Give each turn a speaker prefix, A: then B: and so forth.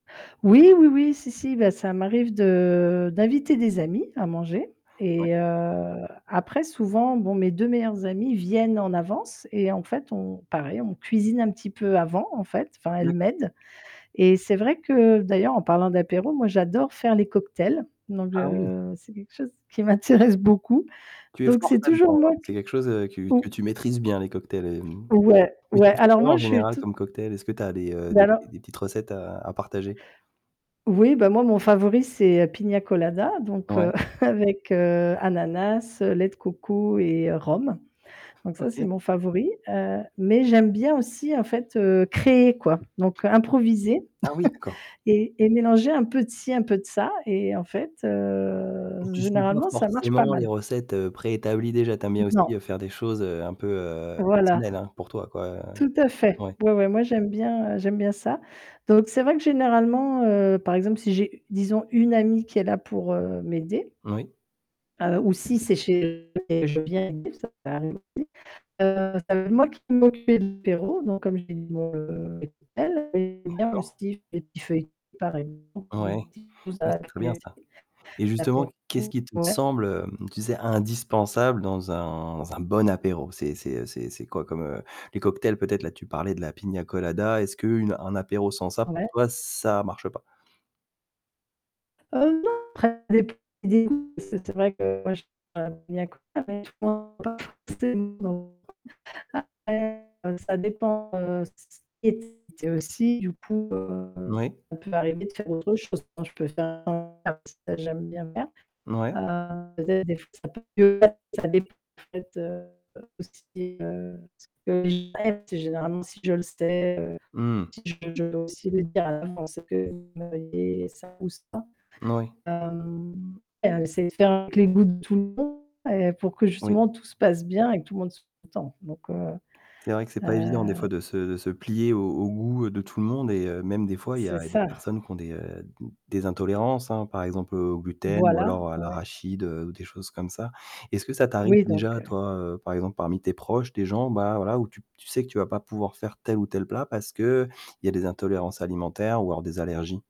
A: Oui, oui, oui, si, si bah, ça m'arrive de d'inviter des amis à manger
B: Ouais.
A: et heu, après souvent, bon mes 2 meilleurs amis viennent en avance et en fait, on pareil, on cuisine un petit peu avant en fait, enfin, elles
B: D'accord.
A: m'aident et c'est vrai que d'ailleurs en parlant d'apéro, moi j'adore faire les cocktails. Donc
B: Ah oui!
A: heu, c'est quelque chose qui m'intéresse beaucoup.
B: Tu es
A: Donc
B: forte
A: c'est toujours
B: là-dedans?
A: moi
B: C'est
A: qui
B: quelque chose que que
A: ou
B: tu maîtrises bien les cocktails? Et mmh,
A: Ouais,
B: mais tu
A: ouais,
B: fais
A: alors
B: quoi, en
A: moi je suis
B: général
A: toute
B: comme cocktails? Est-ce que tu as des, heu,
A: ben
B: des
A: alors.
B: des petites recettes à à partager?
A: Oui, bah, moi mon favori, c'est, heu, Pina Colada, donc
B: Ouais.
A: heu, avec, heu, ananas, lait de coco et rhum. Donc ça, c'est
B: OK.
A: mon favori. Heu, mais j'aime bien aussi, en fait, heu, créer, quoi. Donc improviser
B: Ah oui, d'accord.
A: et et mélanger un peu de ci, un peu de ça et en fait, heu,
B: Donc tu suis pas
A: généralement, ça marche pas
B: forcément les
A: mal.
B: recettes préétablies déjà, tu aimes bien
A: Non.
B: aussi faire des choses, heu, un peu, heu,
A: Voilà.
B: personnelles, hein? Pour toi quoi, hein,
A: Tout à fait.
B: ouais.
A: Ouais, ouais, moi j'aime bien, heu, j'aime bien ça. Donc c'est vrai que généralement, heu, par exemple, si j'ai disons une amie qui est là, pour, heu, m'aider
B: Oui.
A: heu, ou si c'est chez [unintelligible] je viens aider, ça peut arriver, heu, c'est moi qui vais m'occuper de l'apéro donc comme je l'ai dit, dans le les cocktails [unintelligible]
B: D'accord.
A: aussi les petits feuilletés. Pareil [unintelligible]
B: Ouais,
A: quelque chose
B: oui,
A: à
B: c'est très bien
A: grignoter
B: ça et justement,
A: l'apéro,
B: qu'est-ce qui te
A: ouais.
B: semble, heu, tu sais indispensable dans un un bon apéro, c'est c'est c'est c'est quoi comme, heu, les cocktails peut-être là, tu parlais de la piña colada, est-ce qu'une une apéro sans ça, pour
A: Ouais.
B: toi, ça marche pas?
A: Heu, non, [unintelligible] c'est vrai que moi j [unintelligible] Heu, ça dépend, heu, c c [unintelligible] aussi du coup, heu,
B: Moui.
A: ça peut m'arriver de faire autre chose, quand je peux faire [unintelligible] j'aime bien faire.
B: Mouais.
A: Heu, peut-être des fois ça peut [unintelligible] en fait, ça dépend en fait, heu, aussi, heu, [unintelligible] c'est généralement, si je le sais, heu,
B: Mmh.
A: si je le [unintelligible] à ça ou ça.
B: Moui.
A: Hem, c'est de faire avec les goûts de tout le monde. Heu pour que
B: Oui.
A: justement tout se passe bien et que tout le monde soit content, donc heu,
B: C'est vrai que c'est
A: heu
B: pas évident des fois de se de se plier aux aux goûts de tout le monde et heu, même des fois il y
A: C'est
B: a des
A: ça.
B: personnes qui ont des, heu, d des intolérances, hein, par exemple, heu, au gluten ou
A: Voilà,
B: alors à
A: ouais.
B: l'arachide, heu, ou des choses comme ça. Est-ce que ça t'arrive
A: Oui donc
B: déjà,
A: heu
B: toi, heu, par exemple parmi tes proches, des gens, bah voilà, où tu tu sais que tu vas pas pouvoir faire tel ou tel plat, parce qu'il y a des intolérances alimentaires ou alors des allergies?